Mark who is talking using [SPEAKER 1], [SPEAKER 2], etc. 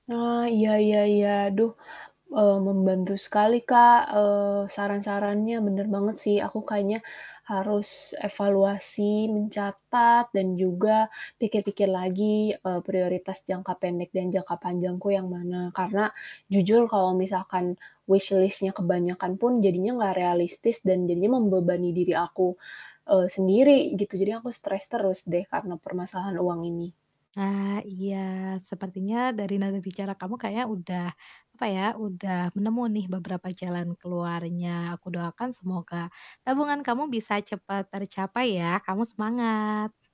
[SPEAKER 1] Oh, iya iya iya. Aduh, eee, membantu sekali Kak, eee, saran-sarannya bener banget sih, aku kayaknya harus evaluasi mencatat dan juga pikir-pikir lagi, eee, prioritas jangka pendek dan jangka panjangku yang mana, karena jujur kalau misalkan wishlist-nya kebanyakan pun jadinya gak realistis dan jadinya membebani diri aku, eee, sendiri, gitu. Jadi aku stress terus deh karena permasalahan uang ini.
[SPEAKER 2] Nah, iya sepertinya dari nada bicara kamu kayaknya udah, apa ya, udah nemu nih beberapa jalan keluarnya. Aku doakan semoga tabungan kamu bisa cepat tercapai ya, kamu semangat.